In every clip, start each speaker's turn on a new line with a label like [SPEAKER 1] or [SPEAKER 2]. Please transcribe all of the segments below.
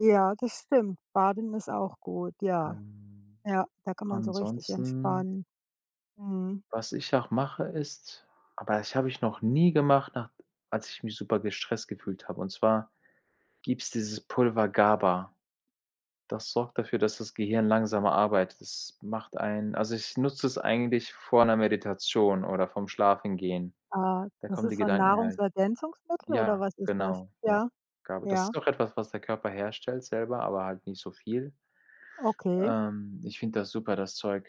[SPEAKER 1] Ja, das stimmt, Baden ist auch gut, ja.
[SPEAKER 2] Ähm,
[SPEAKER 1] Ja, da kann man so richtig
[SPEAKER 2] ansonsten
[SPEAKER 1] entspannen. Mhm.
[SPEAKER 2] was ich auch mache, ist aber das habe ich noch nie gemacht na als ich mich super gestresst gefühlt habe, und zwar gibt's dieses Pulver GABA, das sorgt dafür, dass das Gehirn langsamer arbeitet. Das macht einen also, ich nutze es eigentlich vor 'ner Meditation oder vorm Schlafengehen.
[SPEAKER 1] Ah,
[SPEAKER 2] Da
[SPEAKER 1] das
[SPEAKER 2] kommen die
[SPEAKER 1] ist so 'n
[SPEAKER 2] Gedanken halt.
[SPEAKER 1] Nahrungsergänzungsmittel oder
[SPEAKER 2] Ja,
[SPEAKER 1] was ist das?
[SPEAKER 2] genau, ja,
[SPEAKER 1] Ja?
[SPEAKER 2] GABA, das
[SPEAKER 1] Ja.
[SPEAKER 2] ist auch etwas, was der Körper herstellt selber, aber halt nicht so viel.
[SPEAKER 1] Okay.
[SPEAKER 2] Ähm, ich finde das super, das Zeug.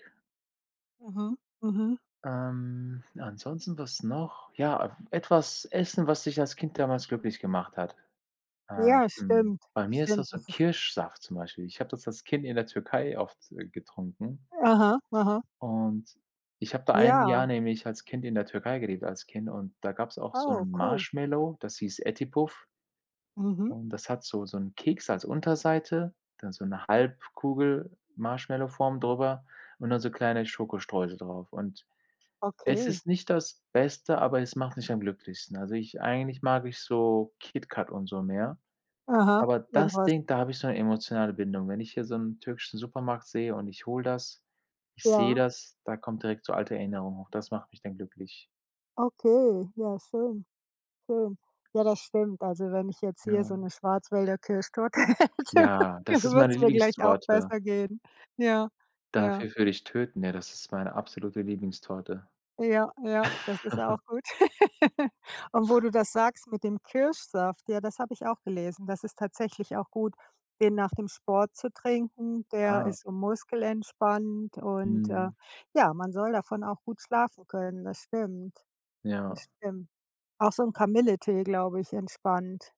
[SPEAKER 1] Mhm, mhm.
[SPEAKER 2] Ähm, ansonsten, was noch? Ja af etwas essen, was dich als Kind damals glücklich gemacht hat? Äh,
[SPEAKER 1] Ja,
[SPEAKER 2] zum
[SPEAKER 1] stimmt
[SPEAKER 2] bei mir ist
[SPEAKER 1] stimmt,
[SPEAKER 2] das so
[SPEAKER 1] das ist
[SPEAKER 2] Kirschsaft zum Beispiel. Ich habe das als Kind in der Türkei oft, äh, getrunken.
[SPEAKER 1] Aha, aha.
[SPEAKER 2] und ich habe da 1 Jahr
[SPEAKER 1] Ja.
[SPEAKER 2] nämlich als Kind in der Türkei gelebt als Kind und da gab's auch so
[SPEAKER 1] Oh,
[SPEAKER 2] 'n
[SPEAKER 1] cool.
[SPEAKER 2] Marshmallow, das hieß Eti Puf
[SPEAKER 1] Mhm.
[SPEAKER 2] und das hat so so 'n Keks als Unterseite, dann so 'ne Halbkugel-Marshmallow-Form drüber und dann so kleine Schokostreusel drauf. Und es
[SPEAKER 1] Okay.
[SPEAKER 2] ist nicht das Beste, aber es macht mich am glücklichsten. Also ich eigentlich mag ich so KitKat und so mehr,
[SPEAKER 1] Aha,
[SPEAKER 2] aber das
[SPEAKER 1] irgendwas.
[SPEAKER 2] Ding, da habe ich so 'ne emotionale Bindung. Wenn ich hier so 'n türkischen Supermarkt sehe und ich hole das ich sehe
[SPEAKER 1] Ja.
[SPEAKER 2] das, da kommt direkt so alte Erinnerung hoch. Das macht mich dann glücklich.
[SPEAKER 1] Okay, ja schön, schön. Ja, das stimmt. Also, wenn ich jetzt hier
[SPEAKER 2] Ja.
[SPEAKER 1] so 'ne Schwarzwälder Kirschtorte hätte,
[SPEAKER 2] Ja,
[SPEAKER 1] dann
[SPEAKER 2] das ist
[SPEAKER 1] würde
[SPEAKER 2] meine
[SPEAKER 1] es mir gleich auch
[SPEAKER 2] Lieblingstorte.
[SPEAKER 1] besser gehen. Ja, ja.
[SPEAKER 2] Dafür würde ich töten, ja, das ist meine absolute Lieblingstorte.
[SPEAKER 1] Ja, ja, das ist auch gut. Und wo du das sagst mit dem Kirschsaft, ja, das habe ich auch gelesen, das ist tatsächlich auch gut, den nach dem Sport zu trinken. Der
[SPEAKER 2] Ah.
[SPEAKER 1] ist so muskelentspannend und, äh,
[SPEAKER 2] Mhm.
[SPEAKER 1] ja, man soll davon auch gut schlafen können. Das stimmt. Das
[SPEAKER 2] Ja.
[SPEAKER 1] stimmt. Auch so 'n Kamilletee, glaube ich, entspannt.